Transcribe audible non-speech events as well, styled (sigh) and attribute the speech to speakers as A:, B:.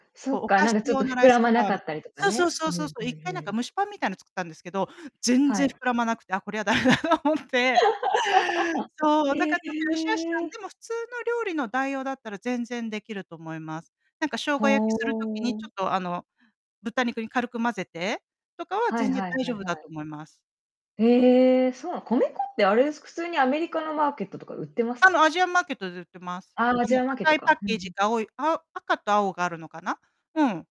A: そ
B: こう、
A: っ
B: お
A: か。
B: 菓
A: なん
B: 子
A: かちょっ
B: 用
A: と
B: のラ
A: 膨
B: イス
A: らま
B: フ
A: な
B: ラ
A: か
B: イ。
A: ったりとか
B: そうそ
A: ね。
B: うそ
A: う
B: う
A: ん
B: そうそ
A: うん
B: う。1回なん
A: うん。
B: か蒸しパンみたいなの作ったんですけど、全
A: は
B: 然
A: い。
B: 膨らまなくて、あ、こりゃ駄目だと思って。そ
A: (laughs)
B: う、だ
A: へ
B: からちょっと良し悪しな
A: え。
B: でも普通の料理の代用だったら全然できると思います。なんか生姜焼きする時にちょ
A: ほ。
B: っとあの、豚肉に軽く混ぜてとかは
A: はい
B: 全然
A: はい
B: 大
A: はい
B: 丈夫
A: は
B: だと
A: い。
B: 思います。
A: へえ。そうなの。米粉ってあれです、普通にアメリカのマーケットとか売ってます？
B: あのアジアンマーケットで売ってます。
A: あ、ア
B: こ
A: ジ
B: の
A: アンマーケッ
B: 赤
A: ト
B: いパ
A: か。
B: ッ
A: うん
B: ケ
A: う
B: ージ
A: ん。
B: が青いあ赤と青があるのかなうん。